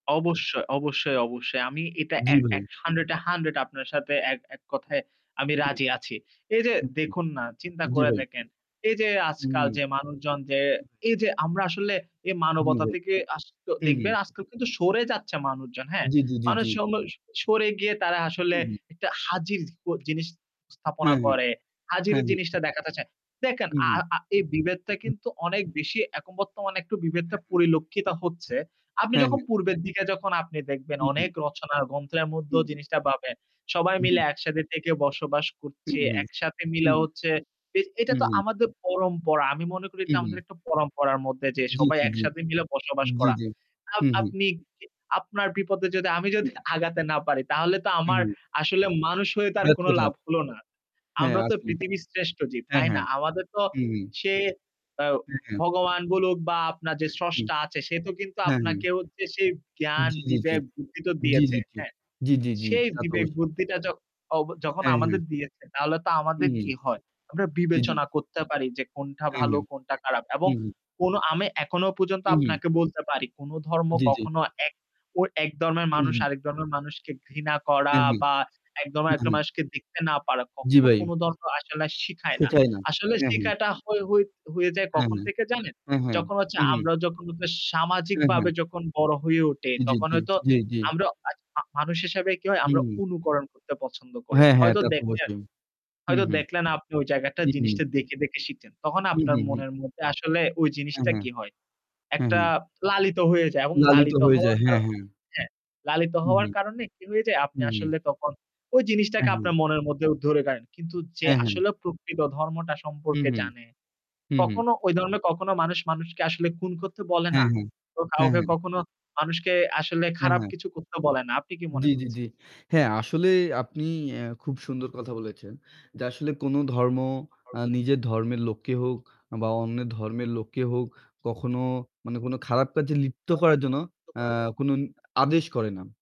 অবশ্যই, অবশ্যই, অবশ্যই। আমি এটা জি, এক ভাই। এক 100 এ 100 আপনার সাথে এক এক কথায় আমি হুম। রাজি আছি। এই যে উহু। দেখুন, না, চিন্তা জি করে ভাই। দেখেন। এই যে উম আজকাল জি যে ভাই। মানুষজন যে, এই যে আমরা আসলে এই জি মানবতা ভাই। থেকে আস ত দেখবেন উহু। আজকাল কিন্তু সরে যাচ্ছে মানুষজন, হ্যাঁ। জি, জি, জি, মানুষ জি। সম সরে গিয়ে তারা আসলে উ হুম। একটা হাজির অ জিনিস স্থাপনা হ্যাঁ, হ্যাঁ, করে, হাজির হ্যাঁ, হ্যাঁ। জিনিসটা দেখাতে চায়। দেখেন, আ উহু। আ এই বিভেদটা হুম। কিন্তু অনেক বেশি এখন বর্তমানে একটু বিভেদটা হ্যাঁ, হ্যাঁ। পরিলক্ষিত হচ্ছে। আপনি হ্যাঁ, যখন হ্যাঁ। পূর্বের দিকে যখন আপনি দেখবেন হুম, অনেক হুম। রচনা ও গ্রন্থের মধ্যেও হুম, হুম। জিনিসটা পাবেন। সবাই জি, মিলে জি। একসাথে থেকে বসবাস হুম, করছে, হুম, একসাথে হুম, মিলে হুম। হচ্ছে। এটা হুম, তো হুম। আমাদের পরম্পরা। আমি মনে করি এটা হুম, আমাদের হুম। একটা পরম্পরার মধ্যে যে জি, সবাই জি, জি, একসাথে মিলে বসবাস জি, করা। জি। আ হুম, হুম। আপনি কি আপনার বিপদে যদি আমি যদি হুম। আগাতে না পারি তাহলে তো হুম, আমার হুম। আসলে মানুষ হয়ে তার কোন ব্যর্থতা। লাভ হলো না। হ্যাঁ। আমরা তো আসলেই। পৃথিবীর শ্রেষ্ঠ জীব, হ্যাঁ, তাই না? হ্যাঁ। আমাদের তো হুম, হুম। সে অ হুম, হুম। ভগবান বলুক বা আপনার যে হুম। স্রষ্টা আছে সে তো কিন্তু হ্যাঁ, হ্যাঁ। আপনাকে হচ্ছে সেই জ্ঞান, জি, জি। বিবেক, বুদ্ধি তো জি, দিয়েছে, জি, জি। হ্যাঁ? জি, জি, জি। সেই তা তো বিবেক অবশ্যই। বুদ্ধিটা জক অব যখন হ্যাঁ, আমাদের হ্যাঁ। দিয়েছে তাহলে তো আমাদের হুম। কি হয়? আমরা জি, জি। বিবেচনা করতে পারি যে কোনটা হ্যাঁ, ভালো হ্যাঁ। কোনটা খারাপ এবং হুম, হুম। কোন আমি এখনো পর্যন্ত হুম, হুম। আপনাকে বলতে পারি কোন ধর্ম জি, জি। কখনো এক অ এক ধর্মের মানুষ হুম। আরেক ধর্মের মানুষকে ঘৃণা করা হ্যাঁ, হ্যাঁ। বা এক হ্যাঁ, ধর্মের হ্যাঁ। মানুষকে দেখতে না পারা জি কখনো ভাই। কোন ধর্ম আসলে শেখায় না। শেখায় না। আসলে হ্যাঁ, হ্যাঁ। শেখাটা হ হয়ে যায় হ্যাঁ, কখন হ্যাঁ, থেকে জানেন? হ্যাঁ, হ্যাঁ। যখন হচ্ছে হুম, হুম। আমরা যখন হ্যাঁ, সামাজিকভাবে হ্যাঁ। যখন বড় হয়ে উঠি জি, জি, তখন জি, হয়তো জি, জি। আমরা আ অ মানুষ হিসেবে কি হয় আমরা হুম। অনুকরণ করতে পছন্দ করি। হ্যাঁ, হ্যাঁ। হয়তো তা তো দেখলেন, অবশ্যই। হুম, হয়তো হুম, দেখলেন আপনি ওই জায়গাটা হুম, হুম। জিনিসটা দেখে, দেখে শিখেন। তখন হুম, আপনার হুম, হুম। মনের মধ্যে আসলে ওই হ্যাঁ, জিনিসটা হ্যাঁ। কি হয়? হ্যাঁ, একটা হ্যাঁ। লালিত হয়ে যায় এবং লালিত লালিত হয়ে হওয়ার যায়। কার হ্যাঁ, হ্যাঁ। হ্যাঁ। লালিত হুম, হওয়ার হুম, কারনে কি হয়ে যায়? আপনি হুম, হুম। আসলে তখন ওই হ্যাঁ, জিনিসটাকে হ্যাঁ। আপনার মনের মধ্যে ধরে নেন। কিন্তু যে হ্যাঁ, হ্যাঁ। আসলে প্রকৃত ধর্মটা হুম, সম্পর্কে হুম, জানে হুম, হুম। কখনো ওই ধর্মের কখনো মানুষ মানুষকে আসলে খুন করতে বলে না। হ্যাঁ, হ্যাঁ। ও হ্যাঁ, কাউকে হ্যাঁ। কখনো মানুষকে আসলে হ্যাঁ, খারাপ হ্যাঁ। কিছু করতে বলে না। আপনি কি জি, মনে জি, জি। করছেন? হ্যাঁ আসলে আপনি অ্যা খুব সুন্দর কথা বলেছেন। যে আসলে কোন ধর্ম [unintelligible] আ নিজের ধর্মের লোককে হোক বা অন্যের ধর্মের লোককে হোক কখনো মানে কোন খারাপ কাজে লিপ্ত করার জন্য আ কোন ন [unintelligible] আদেশ করে না।